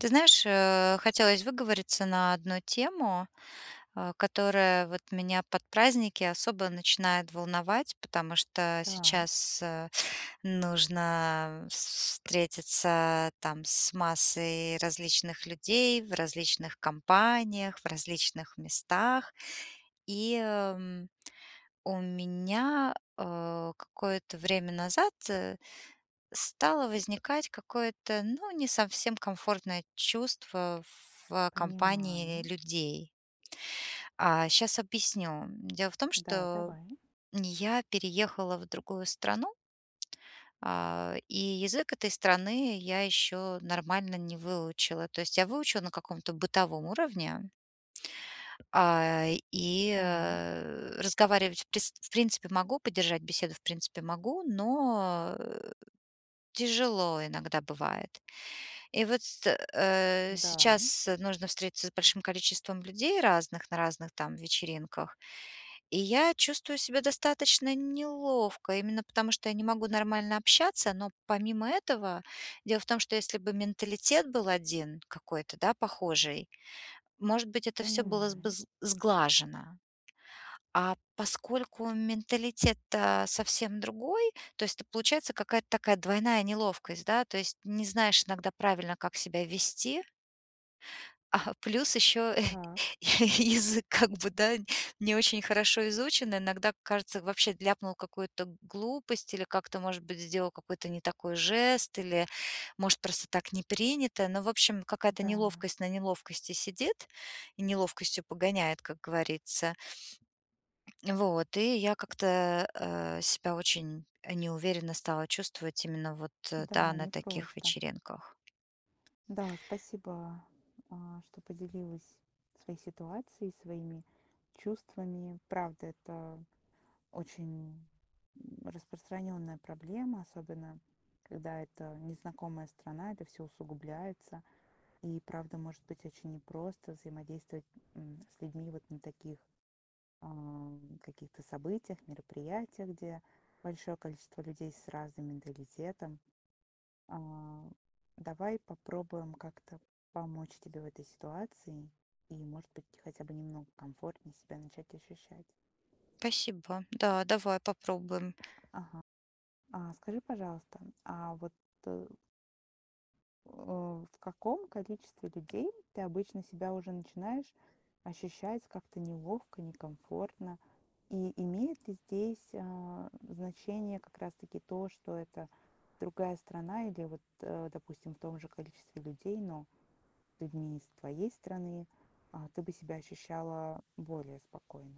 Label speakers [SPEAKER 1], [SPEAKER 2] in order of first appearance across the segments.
[SPEAKER 1] Ты знаешь, э, хотелось выговориться на одну тему, э, которая вот меня под праздники особо начинает волновать, потому что
[SPEAKER 2] Да.
[SPEAKER 1] сейчас, э, нужно вс встретиться, там, с массой различных людей в различных компаниях, в различных местах. И, м, у меня, э, какое-то время назад стало возникать какое-то, ну, не совсем комфортное чувство в компании
[SPEAKER 2] Понимаю.
[SPEAKER 1] людей. А, щас объясню. Дело в том,
[SPEAKER 2] Да,
[SPEAKER 1] что
[SPEAKER 2] давай.
[SPEAKER 1] я переехала в другую страну а, и язык этой страны я ещё нормально не выучила. То есть я выучила на каком-то бытовом уровне а, и
[SPEAKER 2] Так.
[SPEAKER 1] разговаривать в прист в принципе могу, поддержать беседу, в принципе могу, но, э, тяжело иногда бывает. И вот ст э,
[SPEAKER 2] Да.
[SPEAKER 1] сейчас нужно встретиться с большим количеством людей разных на разных, там, вечеринках. И я чувствую себя достаточно неловко, именно потому, что я не могу нормально общаться, но помимо этого, дело в том, что если бы менталитет был один какой-то, да, похожий, может быть, это всё было бы
[SPEAKER 2] Понимаю.
[SPEAKER 1] з сглажено. А поскольку менталитет-то совсем другой, то есть это получается какая-то такая двойная неловкость, да, то есть не знаешь иногда правильно, как себя вести А, плюс ещё
[SPEAKER 2] Так.
[SPEAKER 1] я язык, как бы, да, не очень хорошо изучен. Иногда кажется, вообще ляпнул какую-то глупость или как-то, может быть, сделал какой-то не такой жест, или, может, просто так не принято, но, в общем, какая-то
[SPEAKER 2] Да.
[SPEAKER 1] неловкость на неловкости сидит и неловкостью погоняет, как говорится. Вот, и я как-то, э, себя очень, э, неуверенно стала чувствовать именно вот, да,
[SPEAKER 2] Да,
[SPEAKER 1] на таких
[SPEAKER 2] непросто.
[SPEAKER 1] вечеринках.
[SPEAKER 2] Да, спасибо, а, что поделилась своей ситуацией, своими чувствами. Правда, это очень, м, распространённая проблема, особенно, когда это незнакомая страна, это всё усугубляется. И правда, может быть очень непросто взаимодействовать, м, с людьми вот на таких, ам, каких-то событиях, мероприятиях, где большое количество людей с разным менталитетом. А, давай попробуем как-то помочь тебе в этой ситуации и, может быть, хотя бы немного комфортнее себя начать ощущать.
[SPEAKER 1] Спасибо. Да, давай попробуем.
[SPEAKER 2] Ага. А скажи, пожалуйста, а вот э, в каком количестве людей ты обычно себя уже начинаешь ощущать как-то неловко, некомфортно? И имеет ли здесь, а, значение как раз таки то, что это другая страна или вот, э, допустим, в том же количестве людей, но людьми из твоей страны, а, ты бы себя ощущала более спокойно?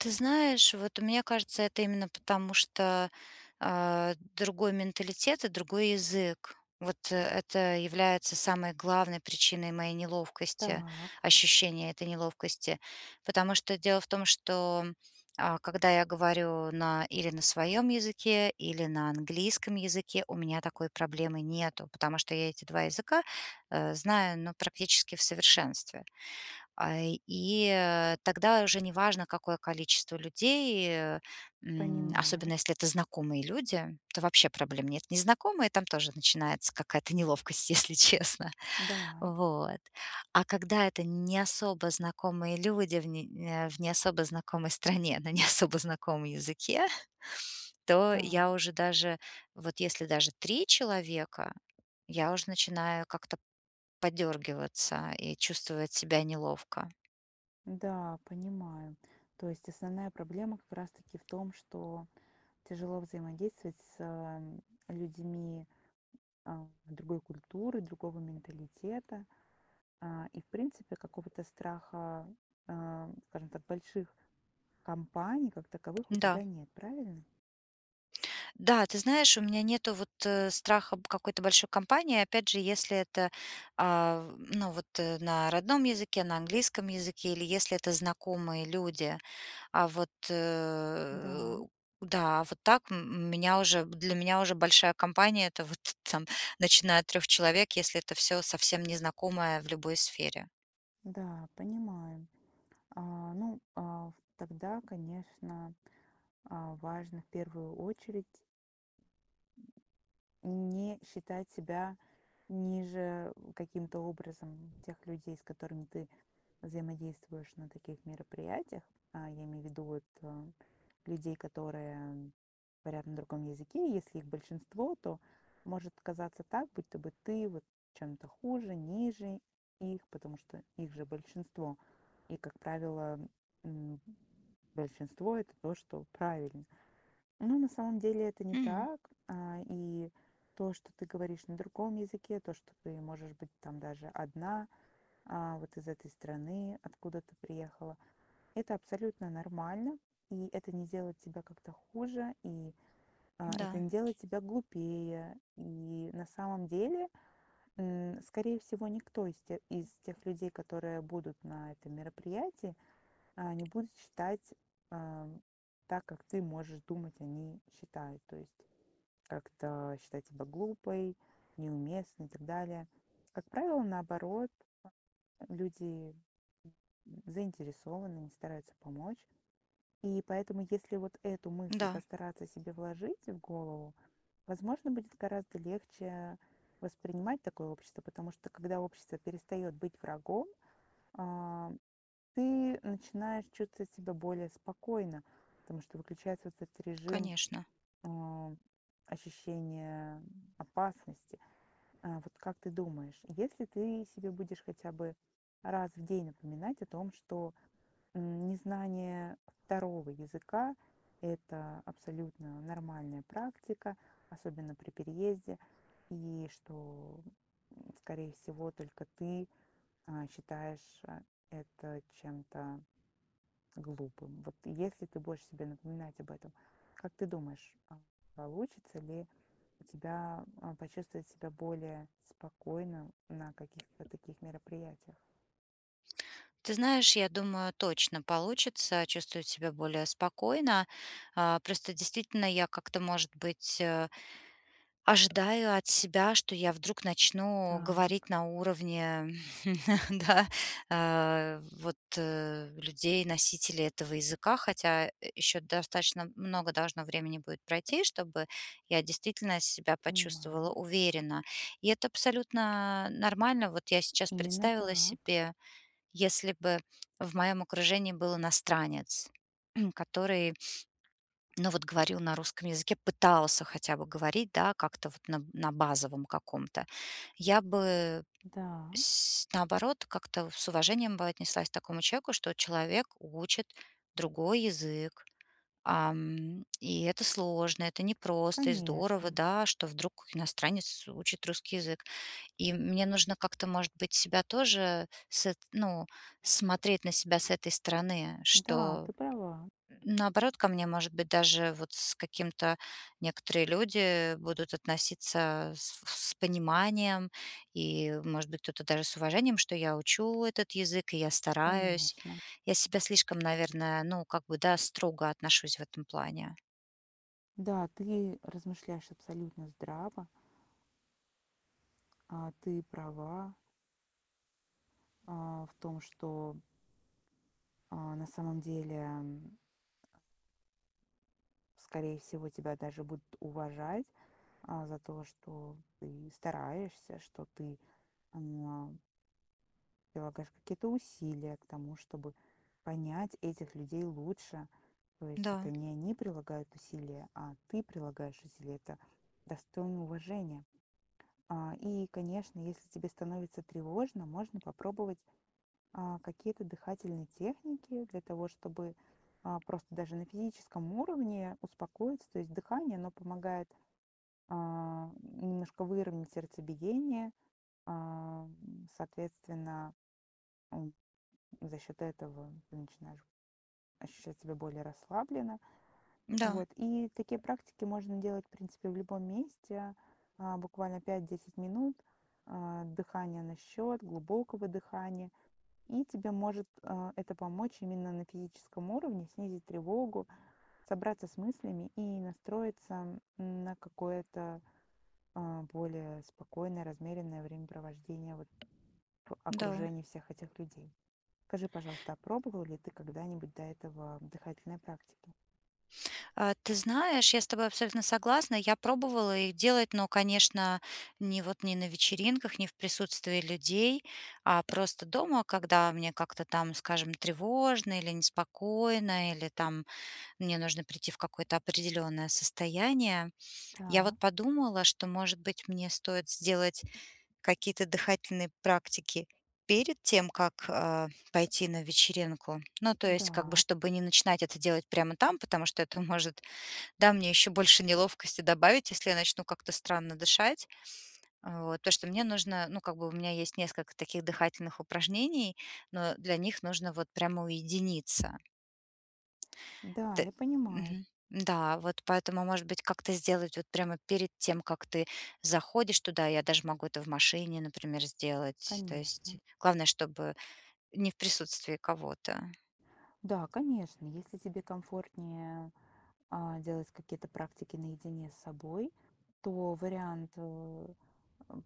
[SPEAKER 1] Ты знаешь, вот мне кажется, это именно потому, что, а, другой менталитет и другой язык. Вот это является самой главной причиной моей неловкости,
[SPEAKER 2] Так.
[SPEAKER 1] ощущения этой неловкости. Потому что дело в том, что, э, когда я говорю на или на своём языке, или на английском языке, у меня такой проблемы нету, потому что я эти 2 языка, э, знаю, ну, практически в совершенстве. А, и, э, тогда уже неважно, какое количество людей, э, м,
[SPEAKER 2] Понимаю.
[SPEAKER 1] особенно если это знакомые люди, то вообще проблем нет. Незнакомые- там тоже начинается какая-то неловкость, если честно.
[SPEAKER 2] Да.
[SPEAKER 1] Вот. А когда это не особо знакомые люди, в н э, не особо знакомой стране, да, на не особо знакомом языке, то
[SPEAKER 2] Да.
[SPEAKER 1] я уже даже вот если даже 3 человека, я уже начинаю как-то подёргиваться и чувствовать себя неловко.
[SPEAKER 2] Да, понимаю. То есть основная проблема как раз таки в том, что тяжело взаимодействовать с, э, м, людьми, а, другой культуры, другого менталитета. А, и, в принципе, какого-то страха, а, м, скажем так, больших компаний как таковых у
[SPEAKER 1] Да.
[SPEAKER 2] тебя нет, правильно?
[SPEAKER 1] Да, ты знаешь, у меня нету вот, э, страха б какой-то большой компании, опять же, если это, а, в ну, вот, э, на родном языке, на английском языке или если это знакомые люди. А вот, э,
[SPEAKER 2] Да.
[SPEAKER 1] да, вот так, м м, меня уже б для меня уже большая компания- это вот, там, начиная от 3 человек, если это всё совсем незнакомое в любой сфере.
[SPEAKER 2] Да, понимаю. А, ну, а, в тогда, конечно, а, важно в первую очередь не считать себя ниже, э, каким-то образом тех людей, с которыми ты взаимодействуешь на таких мероприятиях. А, я имею в виду, вот, э, людей, которые говорят на другом языке, и если их большинство, то может казаться так, будто бы ты вот чем-то хуже, ниже их, потому что их же большинство. И, как правило, м, большинство- это то, что правильно. Но на самом деле это не
[SPEAKER 1] Мгм.
[SPEAKER 2] так. А, и то, что ты говоришь на другом языке, то, что ты можешь быть, там, даже одна, а, вот из этой страны, откуда ты приехала- это абсолютно нормально. И это не делает тебя как-то хуже, и, а, это
[SPEAKER 1] Да.
[SPEAKER 2] не делает тебя глупее. И на самом деле, м, скорее всего, никто из те из тех людей, которые будут на этом мероприятии, а, не будут считать, а, так, как ты можешь думать, они считают. То есть как-то считать себя глупой, неуместной и так далее. Как правило, наоборот, люди, м, заинтересованы, стараются помочь. И поэтому, если вот эту мысль
[SPEAKER 1] Да.
[SPEAKER 2] постараться себе вложить в голову, возможно, будет гораздо легче воспринимать такое общество, потому что когда общество перестаёт быть врагом, а, ты начинаешь чувствовать себя более спокойно, потому что выключается вот этот режим,
[SPEAKER 1] Конечно.
[SPEAKER 2] а, ощущения опасности. Э, вот как ты думаешь, если ты себе будешь хотя бы раз в день напоминать о том, что, м, незнание 2 языка- это абсолютно нормальная практика, особенно при переезде. И что, м, скорее всего, только ты, э, считаешь, э, это чем-то глупым. Вот если ты будешь себе напоминать об этом, как ты думаешь, а, получится ли у тебя, а, почувствовать себя более спокойно на каких-то таких мероприятиях?
[SPEAKER 1] Ты знаешь, я думаю, точно получится чувствовать себя более спокойно. А, просто действительно я как-то, может быть, э, ожидаю от себя, что я вдруг начну говорить
[SPEAKER 2] Так.
[SPEAKER 1] на уровне, да, а, вот, э, людей, носителей этого языка, хотя, э, ещё достаточно много должно времени будет пройти, чтобы я действительно себя почувствовала
[SPEAKER 2] Понимаю.
[SPEAKER 1] уверенно. И это абсолютно нормально. Вот я сейчас
[SPEAKER 2] Именно
[SPEAKER 1] представила
[SPEAKER 2] так.
[SPEAKER 1] себе, если бы в моем окружении был иностранец, который, ну, вот говорил на русском языке, пытался хотя бы говорить, да, как-то вот на на базовом каком-то. Я бы,
[SPEAKER 2] Да.
[SPEAKER 1] сь наоборот, как-то с уважением бы отнеслась к такому человеку, что человек учит другой язык, ам, и это сложно, это непросто и здорово,
[SPEAKER 2] Конечно.
[SPEAKER 1] да, что вдруг иностранец учит русский язык. И мне нужно как-то, может быть, себя тоже с эт ну, смотреть на себя с этой стороны,
[SPEAKER 2] Да,
[SPEAKER 1] что,
[SPEAKER 2] ты права.
[SPEAKER 1] наоборот, ко мне, может быть, даже вот с каким-то некоторые люди будут относиться с в с пониманием и, может быть, кто-то даже с уважением, что я учу этот язык, и я стараюсь.
[SPEAKER 2] Конечно.
[SPEAKER 1] Я к себе слишком, наверное, ну, как бы, да, строго отношусь в этом плане.
[SPEAKER 2] Да, ты размышляешь абсолютно здраво. А, ты права. А, в том, что А, на самом деле, м Скорее всего, тебя даже будут уважать, а, за то, что ты стараешься, что ты, м Прилагаешь какие-то усилия к тому, чтобы понять этих людей лучше. То есть,
[SPEAKER 1] Да.
[SPEAKER 2] это не они прилагают усилия, а ты прилагаешь усилия. Это достойно уважения. А, и, конечно, если тебе становится тревожно, можно попробовать, а, какие-то дыхательные техники для того, чтобы, а, просто даже на физическом уровне успокоиться. То есть дыхание, оно помогает, э, немножко выровнять сердцебиение. Эм, соответственно, м, за счет этого ты начинаешь ощущать себя более расслабленно.
[SPEAKER 1] Да.
[SPEAKER 2] Вот, и такие практики можно делать, в принципе, в любом месте. А, буквально 5-10 минут, а, дыхания на счёт, глубокого дыхания. И тебе может, а, это помочь именно на физическом уровне, снизить тревогу, собраться с мыслями и настроиться на какое-то, а, более спокойное, размеренное времяпровождение, вот, в
[SPEAKER 1] Да.
[SPEAKER 2] окружении всех этих людей. Скажи, пожалуйста, а пробовал ли ты когда-нибудь до этого дыхательные практики?
[SPEAKER 1] А, ты знаешь, я с тобой абсолютно согласна. Я пробовала их делать, но, конечно, не вот не на вечеринках, не в присутствии людей, а просто дома, когда мне как-то там, скажем, тревожно или неспокойно, или там мне нужно прийти в какое-то определённое состояние. Я вот
[SPEAKER 2] Да.
[SPEAKER 1] подумала, что, может быть, мне стоит сделать какие-то дыхательные практики перед тем, как, э, пойти на вечеринку. Ну, то есть, как бы,
[SPEAKER 2] Да.
[SPEAKER 1] чтобы не начинать это делать прямо там, потому что это может, да, мне ещё больше неловкости добавить, если я начну как-то странно дышать. Вот, то, что мне нужно, ну, как бы у меня есть несколько таких дыхательных упражнений, но для них нужно вот прямо уединиться.
[SPEAKER 2] Да,
[SPEAKER 1] Т
[SPEAKER 2] я понимаю.
[SPEAKER 1] мгм. Да, вот поэтому, может быть, как-то сделать вот прямо перед тем, как ты заходишь туда, я даже могу это в машине, например, сделать. То есть
[SPEAKER 2] Конечно.
[SPEAKER 1] главное, чтобы не в присутствии кого-то.
[SPEAKER 2] Да, конечно, если тебе комфортнее, а, делать какие-то практики наедине с собой, то вариант э, эм,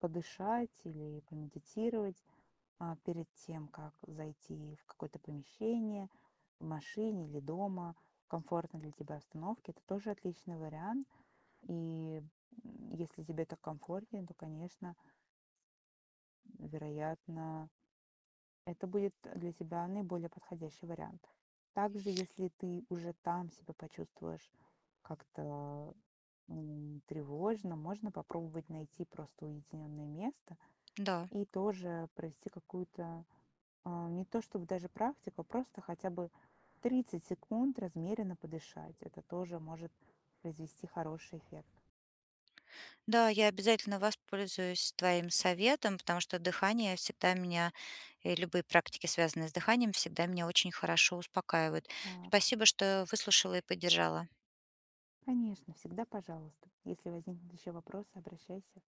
[SPEAKER 2] подышать или помедитировать, а, перед тем как зайти в какое-то помещение, в машине или дома, в комфортной для тебя обстановке- это тоже отличный вариант. И, м, если тебе так комфортнее, то, конечно. Вероятно, это будет для тебя наиболее подходящий вариант. Также, если ты уже там себя почувствуешь как-то, м, тревожно, можно попробовать найти просто уединённое место
[SPEAKER 1] Да.
[SPEAKER 2] и тоже провести какую-то, а, не то чтобы даже практику, просто хотя бы 30 секунд размеренно подышать. Это тоже может произвести хороший эффект.
[SPEAKER 1] Да, я обязательно воспользуюсь твоим советом, потому что дыхание всегда меня- и любые практики, связанные с дыханием- всегда меня очень хорошо успокаивают.
[SPEAKER 2] Так.
[SPEAKER 1] Спасибо, что выслушала и поддержала.
[SPEAKER 2] Конечно, всегда пожалуйста. Если возникнут еще вопросы, обращайся.